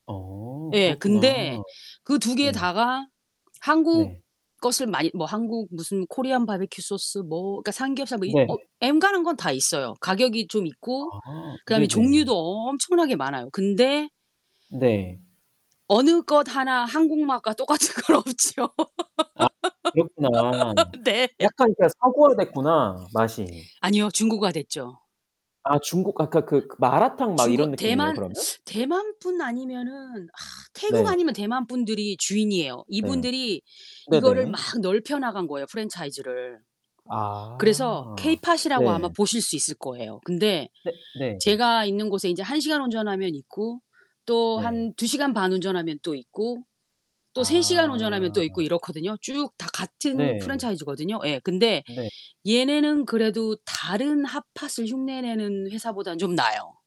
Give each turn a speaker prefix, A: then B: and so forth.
A: 어
B: 예
A: 그렇구나
B: 근데 그 2 개
A: 네.
B: 다가 한국
A: 네.
B: 것을 많이 뭐 한국 무슨 코리안 바비큐 소스 뭐 그러니까 삼겹살 뭐 이 어
A: 네.
B: 엔간한 건 다 있어요. 가격이 좀 있고
A: 아
B: 그다음에
A: 네네.
B: 종류도 엄청나게 많아요. 근데
A: 네.
B: 어느 것 하나 한국 맛과 똑같은 건 없죠.
A: 아 그렇구나.
B: 네.
A: 약간 그러니까 서구화 됐구나 맛이.
B: 아니요, 중국화 됐죠.
A: 아 중국 아 그러니까 그 마라탕 막
B: 중국
A: 이런 느낌이에요,
B: 대만,
A: 그러면?
B: 대만 분 아니면은 태국
A: 네.
B: 아니면 대만 분들이 주인이에요.
A: 네.
B: 이분들이 이거를 막
A: 네네.
B: 넓혀 나간 거예요 프랜차이즈를. 그래서
A: 아
B: 케이팟이라고 아마
A: 네.
B: 보실 수 있을 거예요. 근데
A: 네. 네.
B: 제가 있는 곳에 인제 1 시간 운전하면 있고 또
A: 네.
B: 한 2 시간 반 운전하면 또 있고 또 3 시간 운전하면 또 있고
A: 아.
B: 이렇거든요. 쭉 다 같은
A: 네.
B: 프랜차이즈거든요. 예. 근데
A: 네.
B: 얘네는 그래도 다른 핫팟을 흉내내는 회사보다는 좀 나아요.